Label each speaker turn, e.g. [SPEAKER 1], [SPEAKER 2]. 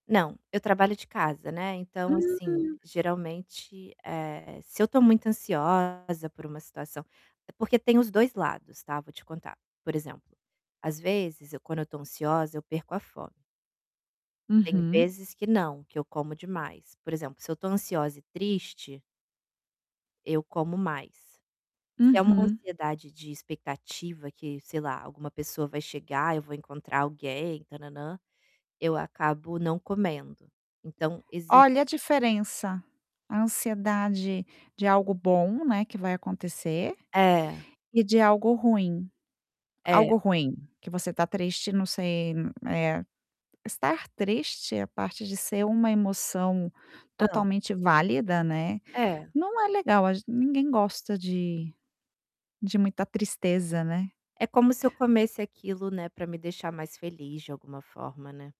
[SPEAKER 1] Não, eu trabalho de casa, né, então assim,
[SPEAKER 2] Hum.
[SPEAKER 1] geralmente, eh, se eu tô muito ansiosa por uma situação porque tem os 2 lados, tá, vou te contar. Por exemplo, às vezes eu quando eu estou ansiosa eu perco a fome tem
[SPEAKER 2] Uhum.
[SPEAKER 1] vezes que não, que eu como demais, por exemplo, se eu estou ansiosa e triste eu como mais. Se é uma
[SPEAKER 2] Uhum.
[SPEAKER 1] ansiedade de expectativa que, sei lá: "Alguma pessoa vai chegar, eu vou encontrar alguém, tan nam nam", eu acabo não comendo. Então exi
[SPEAKER 2] Olha, a diferença, a ansiedade de algo bom, né, que vai acontecer,
[SPEAKER 1] É.
[SPEAKER 2] e de algo ruim.
[SPEAKER 1] É.
[SPEAKER 2] Algo ruim, que você tá triste não sei, eh, estar triste é a parte de ser uma emoção
[SPEAKER 1] Hã?
[SPEAKER 2] totalmente válida, né,
[SPEAKER 1] É.
[SPEAKER 2] não é legal, a ge ninguém gosta de de muita tristeza, né?
[SPEAKER 1] É como se eu comesse aquilo, né, pra me deixar mais feliz, de alguma forma, né?